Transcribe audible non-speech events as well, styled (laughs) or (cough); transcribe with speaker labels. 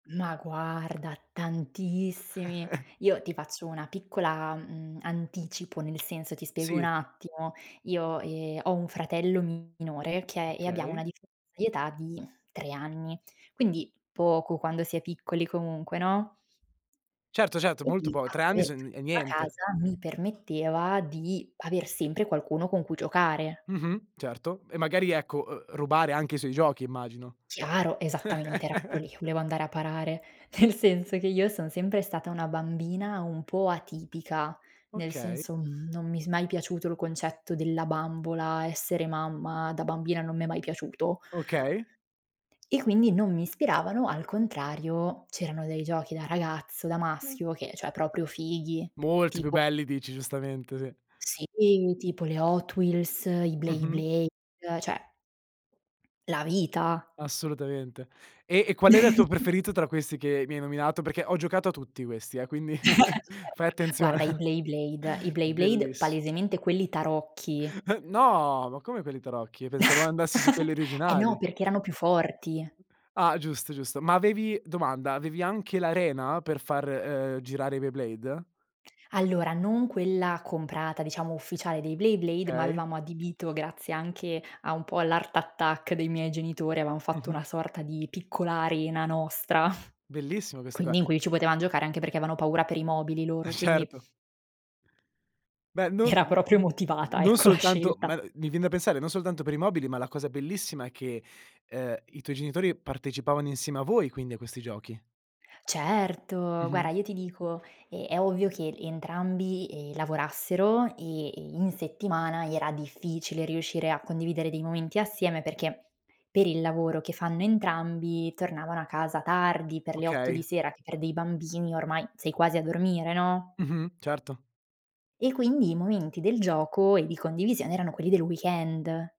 Speaker 1: Ma guarda, tantissimi.
Speaker 2: (chuckles)
Speaker 1: Io ti faccio una piccola, mhmm, anticipo. Nel senso, ti spiego un
Speaker 2: Sì.
Speaker 1: attimo: io, ehm, ho un fratello minore, okay, e abbiamo una
Speaker 2: Okay.
Speaker 1: differenza di età di 3 anni, quindi poco quando si è piccoli, comunque, no?
Speaker 2: Certo, certo,
Speaker 1: E
Speaker 2: molto
Speaker 1: lì
Speaker 2: poco, 3 anni
Speaker 1: (unintelligible)
Speaker 2: son è niente.
Speaker 1: casa, mi permetteva di aver sempre qualcuno con cui giocare.
Speaker 2: Mh-mh, certo. E magari, ecco, uhm, rubare anche i suoi giochi immagino.
Speaker 1: Chiaro, esattamente, era proprio
Speaker 2: (chuckles)
Speaker 1: lì, volevo andare a parare. Nel senso che io son sempre stata una bambina un po' atipica, nel
Speaker 2: Okay.
Speaker 1: senso, mhmm, non mi s mai piaciuto il concetto della bambola, essere mamma, da bambina non mi è mai piaciuto.
Speaker 2: Okay.
Speaker 1: E quindi non mi ispiravano. Al contrario, c'erano dei giochi da ragazzo, da maschio, che, cioè, proprio fighi,
Speaker 2: Molti più
Speaker 1: tipo
Speaker 2: belli, dici. Giustamente, sì.
Speaker 1: sì, tipo le Hot Wheels, i
Speaker 2: Mh-mh.
Speaker 1: Beyblade, cioè la vita!
Speaker 2: Assolutamente. E e qual era il tuo
Speaker 1: (laughs)
Speaker 2: preferito tra questi che mi hai nominato? Perché ho giocato a tutti questi, eh, quindi (laughs) fai
Speaker 1: (laughs) Certo.
Speaker 2: attenzione.
Speaker 1: Guarda, i Beyblade i
Speaker 2: (laughs)
Speaker 1: beyblade,
Speaker 2: Bellissi
Speaker 1: palesemente quelli tarocchi.
Speaker 2: Uh, no! Ma come, per i tarocchi? Pensavo andassi su quelli
Speaker 1: (chuckles) Eh no,
Speaker 2: originali.
Speaker 1: perché erano più forti.
Speaker 2: Ah, giusto, giusto. Ma avevi domanda: avevi anche l'arena per far, uhm, girare i Beyblade?
Speaker 1: Allora, non quella comprata, diciamo, ufficiale dei Beyblade, ma
Speaker 2: Okay.
Speaker 1: avevamo adibito grazie anche a un po' all' Art Attack dei miei genitori, avevamo fatto
Speaker 2: Mh-mh.
Speaker 1: una sorta di piccola arena nostra, (chuckles)
Speaker 2: Bellissime queste qua.
Speaker 1: quindi in cui ci potevam giocare, anche perché avevano paura per i mobili, loro,
Speaker 2: (chuckles)
Speaker 1: quindi
Speaker 2: Certo! Beh, non
Speaker 1: era
Speaker 2: n
Speaker 1: proprio
Speaker 2: n
Speaker 1: motivata,
Speaker 2: non
Speaker 1: ecco, la
Speaker 2: soltanto
Speaker 1: scelta.
Speaker 2: ma, uhm, mi vien da pensare, non soltanto per i mobili, ma la cosa bellissima è che, uhm, i tuoi genitori partecipavano insieme a voi, quindi, a questi giochi.
Speaker 1: Certo! Guarda,
Speaker 2: Mh-mh.
Speaker 1: io ti dico: è ovvio che entrambi, ehm, lavorassero e, ehm, in settimana era difficile riuscire a condividere dei momenti assieme perché per il lavoro che fanno entrambi tornavano a casa tardi, per le 8 di
Speaker 2: Okay.
Speaker 1: sera, che per dei bambini ormai sei quasi a dormire, no?
Speaker 2: Mh-mh, certo.
Speaker 1: E quindi, i momenti del gioco e di condivisione erano quelli del weekend.